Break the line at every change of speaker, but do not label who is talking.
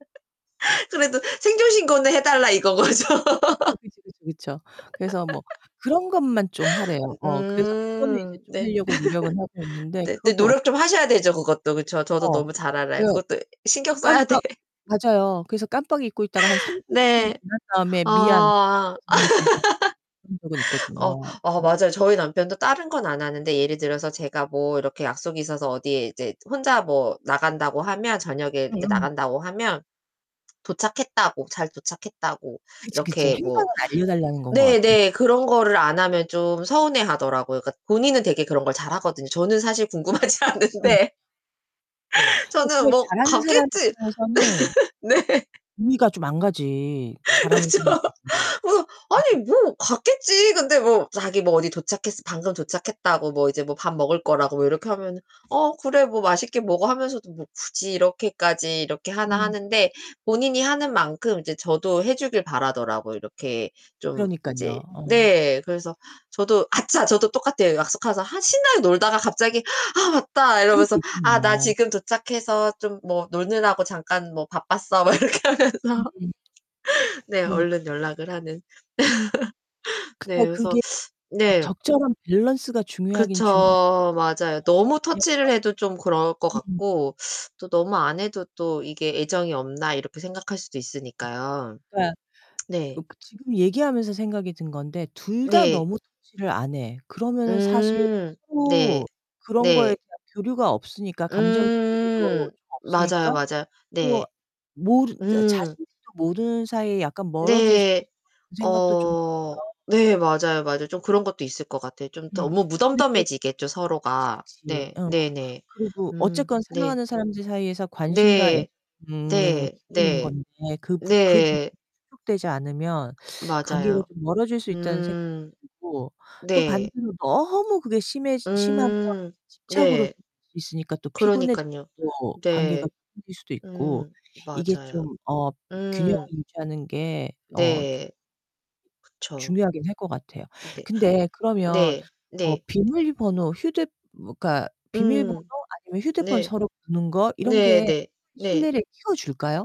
그래도 생존 신고는 해달라 이건 거죠.
어 그쵸, 그쵸, 그쵸. 그래서 뭐 그런 것만 좀 하래요. 어 그래서 그거는 이제
으음.
좀
네.
하려고 노력은 하고 있는데
네. 근데
그것도 어
노력
[unintelligible]
좀 하셔야 되죠, 그것도. 그쵸. 저도
어.
너무 잘 알아요.
그
그것도 신경 써야 돼.
깜빡 맞아요. 그래서 깜빡 잊고 있다가 한 3-40 분
네.
지난 다음에 "미안"
아.
[unintelligible] 그런 적은
어
있거든요.
어
네.
맞아요. 저희 남편도 다른 건 안 하는데 예를 들어서 제가 뭐 이렇게 약속이 있어서 어디에 이제 혼자 뭐 나간다고 하면 저녁에 이렇게
음음.
나간다고 하면 도착했다고, 잘 도착했다고
그치, 그치.
이렇게 뭐
행방은 알려 달라는 건 거 같아.
네네 그런 거를 안 하면 좀 서운해 하더라고요. 그러니까 본인은 되게 그런 걸 잘하거든요. 저는 사실 궁금하지
그러니깐요.
않은데.
근데
저는
그걸
뭐
잘하는 사람
갔겠지.
입장에서는
네.
이해가 좀 안 가지. 잘하는
그쵸. 뭐 아니
[unintelligible] 음음.
뭐 갔겠지. 근데 뭐 자기 뭐 '어디 도착했어 방금 도착했다,'고, 뭐 '이제 뭐 밥 먹을 거.'라고. 뭐 이렇게 하면 '어, 그래. 뭐 맛있게 먹어.' 하면서도 뭐 굳이 이렇게까지 이렇게 하나
음.
하는데 본인이 하는 만큼 이제 저도 해주길 바라더라고요, 이렇게. 좀
그러니깐요.
이제
어.
네. 그래서 저도 아차 저도 똑같아요. 약속가서 한 신나게 놀다가 갑자기 '아, 맞다!'
그럴
이러면서
때
'아, 나
있잖아요.
지금 도착해서 좀 뭐 노느라고 잠깐 뭐 바빴어.' 막 이렇게
음.
하면서. 네.
그러니까.
얼른 연락을 하는.
그니까
네. 그래서
그게
네.
적절한 밸런스가 중요하긴 중요할 것
그쵸.
같아요.
맞아요.
어어
너무
왜냐면
터치를 해도 좀 그럴 것
음.
같고 또 너무 안 해도 또 이게 '애정이 없나.' 이렇게 생각할 수도 있으니까요.
그니까 으
네.
그 지금 얘기하면서 생각이 든 건데 둘 다
네.
너무 터치를 안 해 그러면은 사실
음. 네.
또 그런 거에
네.
대한 교류가 없으니까 감정의 교류도
음.
좀 없으니까
맞아요, 맞아요. 네.
또 모르 자
음.
자신들도 모르는 사이에 약간 멀어질 수도
네.
있을 것 같다는 생각도 좀
어
들고요.
네. 맞아요, 맞아요. 좀 그런 것도 있을 것 같아요. 좀 더
음.
뭐
근데 또
무덤덤해지겠죠,
그치,
서로가.
그치.
네.
어.
네네.
그리고
음
어쨌건
네.
사랑하는 사람들 사이에서 관심과
네.
애정은
네.
기본인
네.
건데 그 부 그 부분이
네.
충족되지 않으면 관계가
맞아요.
좀 멀어질 수 있다는 생각도
음.
들고 또
네.
반대로 너무 그게 심해지 심하면
음
이제 집착으로
네.
[unintelligible] 있으니까 또 피곤해져서
그러니깐요.
또 관계가
네.
멀어질 수도 있고
음.
이게
맞아요.
좀 어 균형을
음.
유지하는 게 어 좀
네. 그쵸.
중요하긴 할 것 같아요.
네.
근데 그러면
네.
어
네.
비밀번호, 휴대 그니까 비밀번호
음.
아니면 휴대폰
네.
서로 보는 거 이런 게
네네. 네.
신뢰를 키워줄까요?